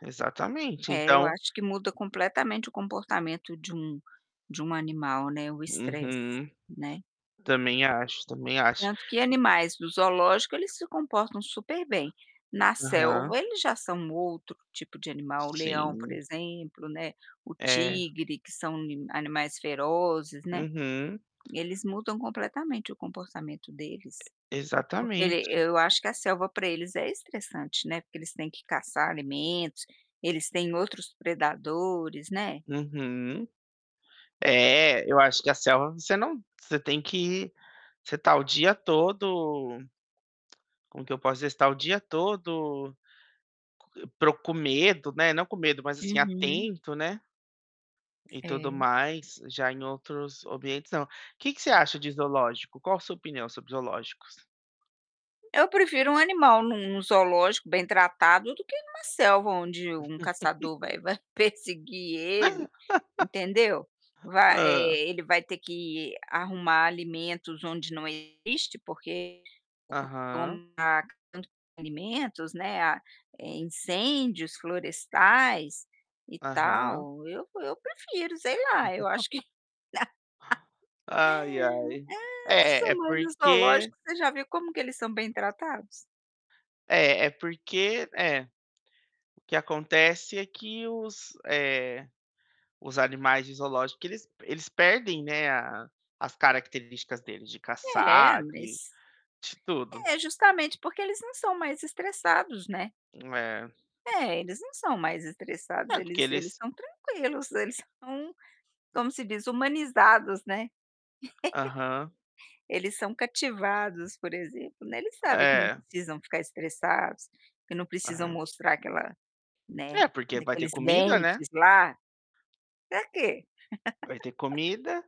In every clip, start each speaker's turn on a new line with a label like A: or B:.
A: Exatamente,
B: É, eu
A: então
B: acho que muda completamente o comportamento de um de um animal, né, o estresse,
A: Uhum.
B: né.
A: Também acho, também acho
B: Tanto que
A: e
B: animais do zoológico eles se comportam super bem, na
A: Aham.
B: selva eles já são outro tipo de animal. O leão, por
A: Sim.
B: exemplo, né, o
A: É.
B: tigre que são ni animais ferozes, né,
A: Uhum.
B: eles mudam completamente o comportamento deles. Porque ele
A: Exatamente.
B: eu acho que a selva para eles é estressante, né, porque eles têm que caçar alimentos, eles têm outros predadores, né.
A: Uhum. É, eu acho que a selva você não você tem que você está o dia todo Como que eu posso dizer, você está o dia todo co proc com medo, né, não com medo, mas assim
B: Uhum.
A: atento, né e tudo
B: É.
A: mais, já em outros ambientes não. O que que você acha de zoológico? Qual sua opinião sobre zoológicos?
B: Eu prefiro um animal num num zoológico bem tratado do que em uma selva onde um caçador vai vai perseguir ele, entendeu? Vai,
A: Hã?
B: eh, ele vai ter que arrumar alimentos onde não existe, porque [unintelligible]
A: Aham.
B: alimentos, né, é a incêndios florestais e
A: Aham.
B: tal, eu eu prefiro. Sei lá, eu acho que
A: Ai, ai.
B: Nossa,
A: É, é
B: mãe, no
A: porque
B: zoológico você já viu como que eles são bem tratados?
A: É, é porque é. O que acontece é que os, eh, os animais de zoológico eles eles perdem, né, a as características deles de
B: É,
A: caçar, de
B: mas
A: de tudo.
B: É, justamente porque eles não são mais estressados, né.
A: É.
B: É, eles não são mais estressados,
A: É, porque
B: eles eles
A: eles
B: estão tranquilos eles são, como se diz, humanizados, né.
A: Aham.
B: Eles são cativados, por exemplo, né. Eles sabem que não
A: É.
B: precisam ficar estressados, que não precisam
A: É.
B: mostrar aquela, né,
A: É, porque vai ter
B: aqueles
A: comida, né.
B: dentes lá. Para quê?
A: Vai ter comida,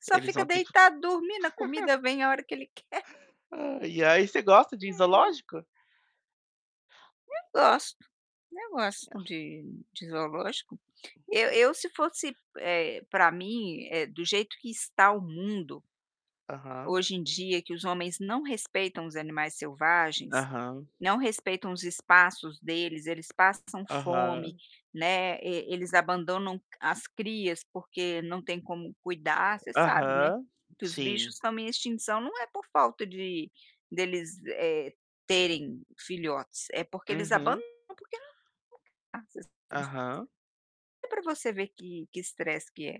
B: Só
A: eles
B: fica
A: vão ter que
B: deitado dormindo. A comida vem a hora que ele quer.
A: Ai, e aí você gosta de
B: É.
A: zoológico?
B: Eu gosto, eu gosto
A: É.
B: de de zoológico. Eu eu se fosse, eh, para mim, eh, do jeito que está o mundo
A: Aham.
B: hoje em dia que os homens não respeitam os animais selvagens,
A: Aham.
B: não respeitam os espaços deles. Eles passam fome,
A: Aham.
B: né, e eles abandonam c as crias, porque não tem como cuidar. Você sabe, né,
A: Aham,
B: que os bichos
A: sim.
B: estão em extinção náo é por falta de deles, eh, terem filhotes, é porque eles
A: Uhum.
B: abandonam, porque [unintelligible]
A: Aham.
B: é pra você ver que que estresse que é.